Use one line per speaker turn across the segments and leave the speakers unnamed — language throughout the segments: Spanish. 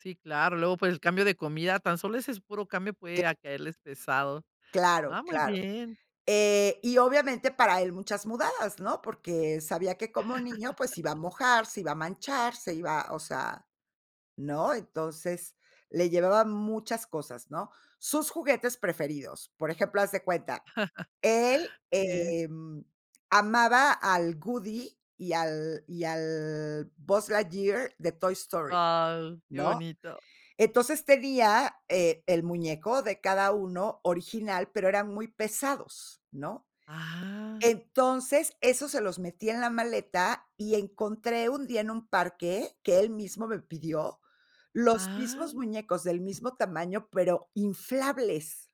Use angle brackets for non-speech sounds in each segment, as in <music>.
Sí, claro, luego, pues, el cambio de comida, tan solo ese es puro cambio,
Qué.
puede caerles pesado,
Claro,
ah, muy
claro,
bien.
eh, y obviamente, para él muchas mudadas, ¿no?, porque sabía que, como niño, pues se iba a
<chuckles>
mojar, se iba a manchar, se iba, o sea, ¿no? Entonces, le llevaba muchas cosas, ¿no? Sus juguetes preferidos, por ejemplo, haz de cuenta, él,
<chuckles> Sí.
em, amaba al Woody y al y al Buzz Lightyear de Toy Story,
Wao, qué
¿no?
bonito.
Entonces, tenía, eh, el muñeco de cada uno, original, pero eran muy pesados, ¿no?
Ah.
Entonces, esos se los metía en la maleta y encontré un día, en un parque, que él mismo me pidió, los
Ah.
mismos muñecos del mismo tamaño, pero inflables.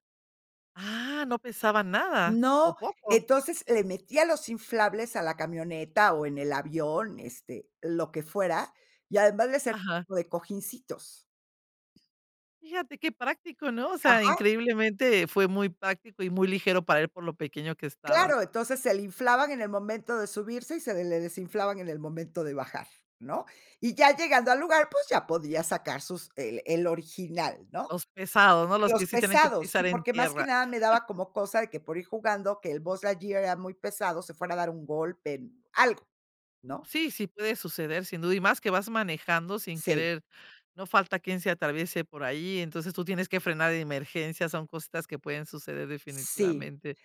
Ah, ¿no pesaba nada, o
No,
poco?
entonces, le metía los inflables a la camioneta o en el avión, este, lo que fuera, y además le servían
Ajá.
de cojincitos.
Fíjate qué práctico, ¿no? O sea,
Ajá.
increíblemente, fue muy práctico y muy ligero para él por lo pequeño que estaba.
Claro, entonces se le inflaban en el momento de subirse y se le desinflaban en el momento de bajar, ¿no? Y ya llegando al lugar, pues ya podía sacar sus eh, el original, ¿no?
Los pesados, ¿no?, los
Los
que sí tienen que
pesados
pisar
y
en
porque, más que
tierra.
nada, me daba
<chuckles>
como cosa de que, por ir jugando, que el Buzz Lightyear era muy pesado, se fuera a dar un golpe, algo, ¿no?
Sí, sí puede suceder, sin duda, y más que vas manejando sin
Sí.
querer, no falta quién se atraviese por ahí, entonces tú tienes que frenar de emergencia, son cositas que pueden suceder
Sí,
definitivamente,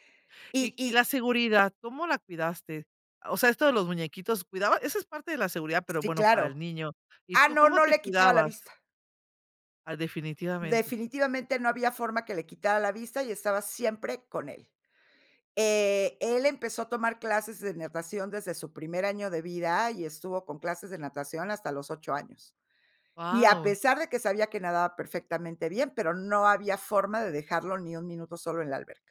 y,
y y
y
la seguridad, ¿cómo la cuidaste? O sea, esto de los muñequitos, ¿cuidaba? Eso es parte de la seguridad, pero
Sí,
bueno, para el
claro,
niño. ¿Y
ah,
tú
no,
cómo
no
te
le quitaba la
cuidabas?
vista.
A definitivamente.
Definitivamente, no había forma que le quitara la vista y estaba siempre con él, eh, él empezó a tomar clases de natación desde su primer año de vida y estuvo con clases de natación hasta los 8 años, y a
Guau.
pesar de que sabía que nadaba perfectamente bien, pero no había forma de dejarlo ni 1 minuto solo en la alberca.